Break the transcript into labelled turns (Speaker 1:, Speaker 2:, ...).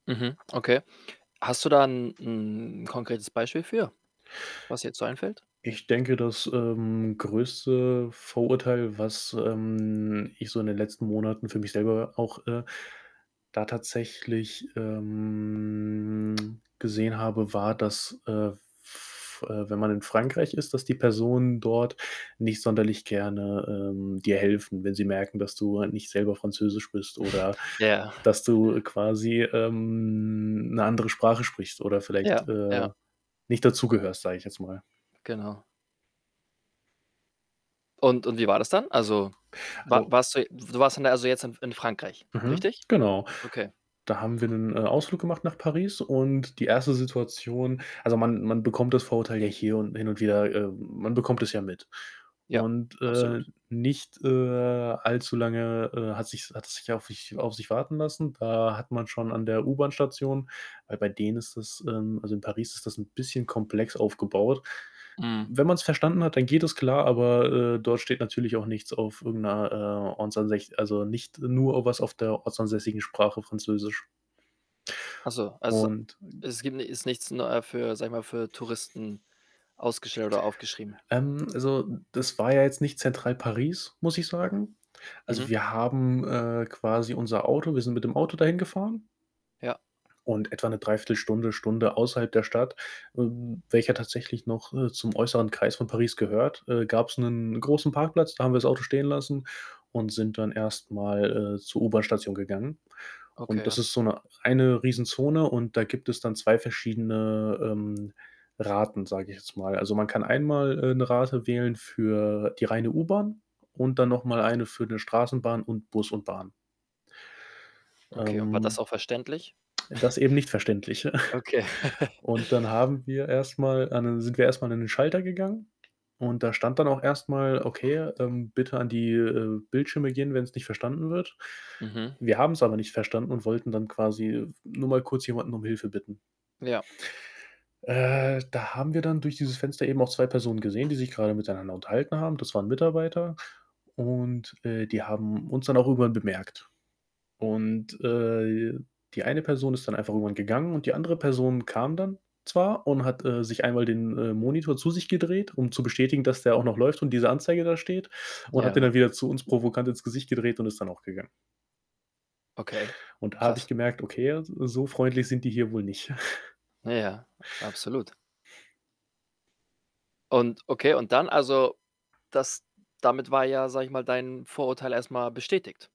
Speaker 1: Mhm. Okay. Hast du da 'n 'n konkretes Beispiel für, was dir jetzt so einfällt?
Speaker 2: Ich denke, das, ähm, größte Vorurteil, was, ähm, ich so in den letzten Monaten für mich selber auch, äh, da tatsächlich, ähm, gesehen habe, war, dass, äh, f äh, wenn man in Frankreich ist, dass die Personen dort nicht sonderlich gerne, ähm, dir helfen. Wenn sie merken, dass du halt nicht selber Französisch bist oder,
Speaker 1: Ja.
Speaker 2: dass du quasi, ähm, 'ne andere Sprache sprichst oder vielleicht,
Speaker 1: Ja,
Speaker 2: äh,
Speaker 1: ja.
Speaker 2: nicht dazugehörst, sage ich jetzt mal.
Speaker 1: Genau. Und und wie war das dann? Also, war
Speaker 2: So.
Speaker 1: warst du du warst dann da also, jetzt in f in Frankreich,
Speaker 2: Mhm,
Speaker 1: richtig?
Speaker 2: genau.
Speaker 1: Okay.
Speaker 2: Da haben wir 'nen, äh, Ausflug gemacht nach Paris und die 1. Situation also, man man bekommt das Vorurteil ja hier und hin und wieder äh, man bekommt es ja mit
Speaker 1: Ja,
Speaker 2: und,
Speaker 1: absolut.
Speaker 2: äh, nicht, äh, allzu lange, äh, hat sich's hat es sich auf sich auf sich warten lassen. Da hat man schon an der U-Bahn-Station, weil bei denen ist das ähm, also, in Paris ist das 'n bisschen komplex aufgebaut.
Speaker 1: Mhm.
Speaker 2: Wenn man's verstanden hat, dann geht das klar, aber, äh, dort steht natürlich auch nichts auf irgend 'ner, äh, ortsansäs also, nicht, äh, nur was auf der ortsansässigen Sprache, Französisch.
Speaker 1: Ach so, also,
Speaker 2: Und
Speaker 1: es gibt ni ist nichts neu, äh, für sage ich mal, für Touristen ausgeschildert oder aufgeschrieben.
Speaker 2: Ähm, also, das war ja jetzt nicht Zentral Paris, muss ich sagen. Also,
Speaker 1: Mhm.
Speaker 2: wir haben, äh, quasi unser Auto wir sind mit dem Auto dahin gefahren
Speaker 1: Ja.
Speaker 2: und etwa 'ne 3/4 Stunde, Stunde außerhalb der Stadt, w welcher tatsächlich noch, äh, zum äußeren Kreis von Paris gehört, äh, gab's 'nen großen Parkplatz, da haben wir das Auto stehen lassen und sind dann erst mal, äh, zur U-Bahn-Station gegangen und das
Speaker 1: Okay.
Speaker 2: ist so 'ne eine Riesenzone und da gibt es dann 2 verschiedene, ähm, Raten, sage ich jetzt mal. Also, man kann einmal, äh, 'ne Rate wählen für die reine U-Bahn und dann noch mal eine für 'ne Straßenbahn und Bus und Bahn.
Speaker 1: Okay. Und war das
Speaker 2: Ähm,
Speaker 1: auch verständlich?
Speaker 2: das eben nicht verständlich.
Speaker 1: Okay.
Speaker 2: Und dann haben wir erst mal an den sind wir erst mal an den Schalter gegangen und da stand dann auch erst mal: „Okay, ähm, bitte an die, äh, Bildschirme gehen, wenn's nicht verstanden wird.“
Speaker 1: Mhm.
Speaker 2: Wir haben's aber nicht verstanden und wollten dann quasi [unintelligible] nur mal kurz jemanden um Hilfe bitten.
Speaker 1: Ja.
Speaker 2: Äh, da haben wir dann durch dieses Fenster eben auch 2 Personen gesehen, die sich grade miteinander unterhalten haben. Das waren Mitarbeiter und, äh, die haben uns dann auch irgendwann bemerkt und, äh, die eine Person ist dann einfach irgendwann gegangen und die andere Person kam dann zwar und hat, äh, sich einmal den, äh, Monitor zu sich gedreht, um zu bestätigen, dass der auch noch läuft und diese Anzeige da steht und hat den
Speaker 1: Ja.
Speaker 2: dann wieder zu uns provokant ins Gesicht gedreht und ist dann auch gegangen.
Speaker 1: Okay,
Speaker 2: Und da habe ich
Speaker 1: krass.
Speaker 2: gemerkt: „Okay, so freundlich sind die hier wohl nicht.“
Speaker 1: Na ja, absolut. Und okay, und dann also, das damit war ja, sage ich mal, dein Vorurteil erst mal bestätigt.